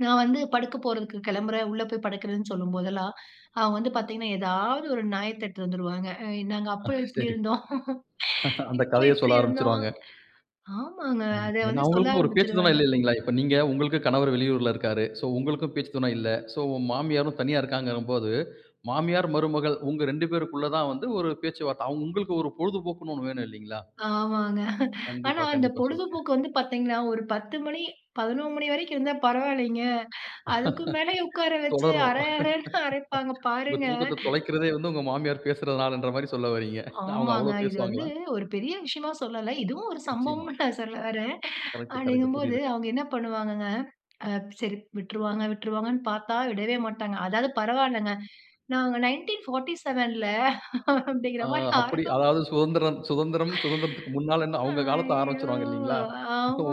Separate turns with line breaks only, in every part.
நான் வந்து படுக்கப் போறதுக்கு கிளம்புறேன், உள்ள போய் படுக்கிறேன்னு சொல்லும் போதெல்லாம், அவங்க வந்து பார்த்தீங்கன்னா, ஏதாவது ஒரு நியாயத்தெடுட்டு வந்துருவாங்க. "அ நாங்க
அ
அப்ப இப்பிடி
சரி.
இருந்தோம்.
அந்த
இப்போ
கதைய
இப்பிடி
சொல்ல
இருந்தோம்."
ஆரம்பிச்சிருவாங்க.
ஆமாங்க.
ம்,
அதை
ஏன்னா,
வந்து சொல்ல
அவங்களுக்கும் ஒரு பேச்சு துணை
ஆரம்பிச்சிருவாங்க.
இல்லை, இல்லைங்களா, இப்ப நீங்க, உங்களுக்கு கணவர் வெளியூர்ல இருக்காரு. சோ உங்களுக்கும் பேச்சு துணை இல்ல. சோ உங்க மாமியாரும் தனியா இருக்காங்கங்கும் போது, மாமியார் மருமகள் உங்க 2 பேருக்குள்ள தான் வந்து ஒரு பேச்சுவார்த்தை. உங்களுக்கு ஒரு பொழுதுபோக்குன்னு ஒண்ணு வேணும், இல்லைங்களா?
ஆமாங்க. ஆனா
கண்டிப்பா,
அந்த
கண்டிப்பா. சொல்லுங்க.
பொழுதுபோக்கு வந்து பார்த்தீங்கன்னா, ஒரு 10 மணி, 11 மணி வரைக்கும் இருந்தா பரவால்லீங்க. அதுக்கு மேலயும் உட்கார வச்சு
தொடரும்.
அரை அரைன்னு அரைப்பாங்க.
உங்க
பாருங்க!
தூக்கத்த தொலைக்கிறதே வந்து, உங்க மாமியார் பேசுறதனாலன்ற மாரி சொல்ல வர்றீங்க. அவங்க
ஆமாங்க.
அவ்ளோ
இது வந்து
பேசுவாங்களா?
ஒரு பெரிய விஷயமா சொல்லல. இதுவும் ஒரு
நிச்சயமா.
சம்பவம்ன்னு நான் சொல்ல வர்றேன்.
Correct correct.
அப்டிங்கும்போது
புரியுதுங்க.
அவங்க என்ன பண்ணுவாங்கங்க. அ சரி, விட்டுருவாங்க, விட்டுருவாங்கன்னு பார்த்தா விடவே மாட்டாங்க. அதாவது பரவால்லைங்க. "நாங்க 1947ல" அப்பிடீங்கிற
அ
மாரி ஆர
அப்பிடி, அதாவது சுதந்திரம் சுதந்திரம், சுதந்திரத்திற்கு முன்னாலன்னு, அவங்க காலத்த
ஐயோ!
ஆரம்பிச்சிருவாங்க, இல்லைங்களா,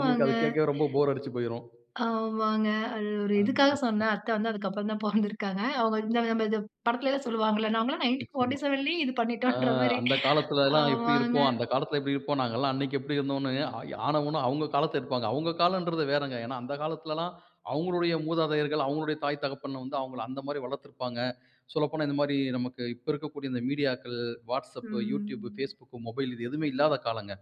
உங்களுக்கு அது கேட்கவே ரொம்ப போர் அடிச்சு போய்ரும்.
ஆமாங்க. அது ஒரு
அது,
இதுக்காக
சரி, சரி.
சொன்னேன். அத்த வந்து அதுக்கப்புறம் தான் பொறந்திருக்காங்க. அவங்க இந்த ம இது படத்திலலாம் சொல்வாங்கல்ல. நாங்கலாம்
நிச்சயமா.
1947லேயே இது
அ
பண்ணிட்டோம்கிற மாரி.
அந்த காலத்திலலாம் எப்டி
ஆமாங்க.
இருப்போம், அந்த காலத்தில எப்டி இருப்போம். நாங்கலாம் அன்னைக்கு எப்பிடி இருந்தோம்ன்னு ஆயி ஆனா ஊனா அவங்க காலத்த இழுப்பாங்க. அவங்க காலம்ன்றது வேறங்க. ஏன்னா, அந்த காலத்திலல்லாம் அவங்களுடைய மூதாதையர்கள், அவங்களுடைய தாய், தகப்பன் வந்து, அவங்கள அந்த மாரி வளர்த்திருப்பாங்க. சொல்லப்போனா இந்த மாரி, நமக்கு இப்ப இருக்கக்கூடிய இந்த மீடியாக்கள், Whatsapp, Youtube,
ம்.
Facebook, மொபைல் இது எதுவுமே இல்லாத காலங்க.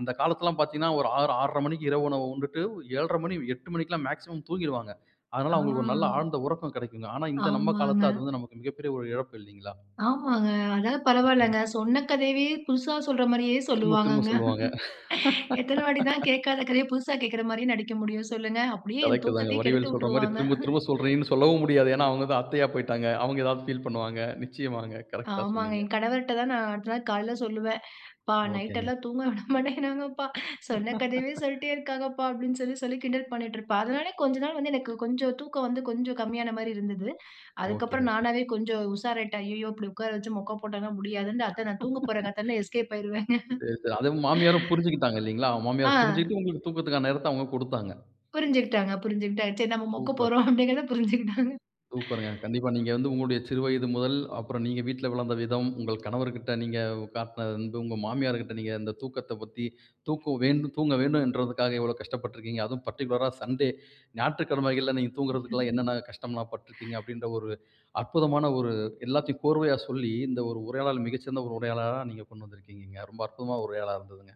அந்த காலத்திலலாம் பார்த்தீங்கன்னா, ஒரு 6, 6:30 மணிக்கு இரவு உணவு உண்டுட்டு 7:30 மணி, 8 மணிக்குலாம் மேக்ஸிமம் தூங்கிருவாங்க. அதனால அவங்களுக்கு ஒரு நல்ல
அ.
ஆழ்ந்த உறக்கம் கிடைக்குங்க. ஆனா இந்த நம்ம
ஆமாங்க.
காலத்தில அது வந்து நமக்கு மிகப்பெரிய இழப்பு இல்லைங்களா?
ஆமாங்க. அதாவது
ம்ஹ்ம்.
பரவால்லங்க. சொன்ன கதையவே புதுசா சொல்ற மாரியே
திரும்ப திரும்ப
சொல்வாங்கங்க.
சொல்லுவாங்க.
எத்தனை வாட்டி தான் கேட்காத கதைய புதுசா கேட்குற மாரியே நடிக்க முடியும், சொல்லுங்க? அப்படியே என்
கரெக்ட் தாங்க.
தூக்கத்தையே
வடிவேலு சொல்ற மாரி,
கெடுத்துவுட்டுருவாங்க!
திரும்ப திரும்ப சொல்றியேன்னு சொல்லவும் முடியாது. ஏன்னா, அவங்க தான் அத்தையா போய்ட்டாங்க. அவங்க ஏதாவது ஃபீல் பண்ணுவாங்க. நிச்சயமாங்க! கரெக்டா
ஆமாங்க.
சொன்னீங்க.
என் கணவர்ட்ட தான் நான் அடுத்த நாள் காலைல சொல்லுவேன். ப்பா நைட்
ஓகேங்க.
எல்லாம் தூங்க விட மாட்டேங்கிறாங்கப்பா. சொன்ன கதையவே சொல்ட்டே இருக்காங்கப்பா. அப்படின்னு சொல்லி, சொல்லி கிண்டல் பண்ணிட்டுருப்பேன். அதனாலேயே கொஞ்ச நாள் வந்து எனக்கு கொஞ்சம் தூக்கம் வந்து கொஞ்சம் கம்மியான மாரி இருந்தது.
ஓகே.
அதுக்கப்புறம்
ஓகே.
நானாவே கொஞ்சம் உஷாராயிட்டேன். அய்யய்யோ! இப்படி உட்கார வச்சு மொக்கை போட்டாங்கன்னா முடியாதுன்னு, "அத்த நான் தூங்கப் போறங்க அத்த" எஸ்கேப் ஆயிருவேங்க.
சரி, சரி. அத மாமியாரும் புரிஞ்சுகிட்டாங்க இல்லைங்களா,
அ.
மாமியார் புரிஞ்சுகிட்டு உங்களுக்கு தூக்கத்திற்கான நேரத்த அவங்க குடுத்தாங்க.
புரிஞ்சுகிட்டாங்க புரிஞ்சுகிட்டாங்க. சரி. நம்ம மொக்க
சூப்பர்.
போட்றோம். அப்பிடிங்கிறத புரிஞ்சுகிட்டாங்க.
சூப்பர்ங்க! கண்டிப்பா. நீங்க வந்து, உங்களுடைய சிறு வயது முதல், அப்பறம் நீங்க வீட்ல வளர்ந்த விதம், உங்கள் கணவர்கிட்ட நீங்க காட்டின அன்பு, உங்க மாமியார்கிட்ட நீங்க அந்த தூக்கத்தப் பத்தி தூக்கம் வேண்டும் தூங்கவேண்டும்ன்றதுக்காக இவ்வளவு கஷ்டப்பட்டு இருக்கிறீங்க. அதுவும் பர்ட்டிகுலரா சண்டே, ஞாயிற்றுக்கிழமைகள்ல நீங்க தூங்குறதுக்கெல்லாம் என்னென்ன கஷ்டம்லாம் பட்டுருக்கிறீங்க. அப்படின்ற ஒரு அற்புதமான ஒரு எல்லாத்தையும் கோர்வையா சொல்லி, இந்த ஒரு உரையாடல் மிகச்சிறந்த ஒரு உரையாடலா நீங்க கொண்டு வந்திருக்கிறீங்க. ரொம்ப அற்புதமான உரையாடலா இருந்ததுங்க.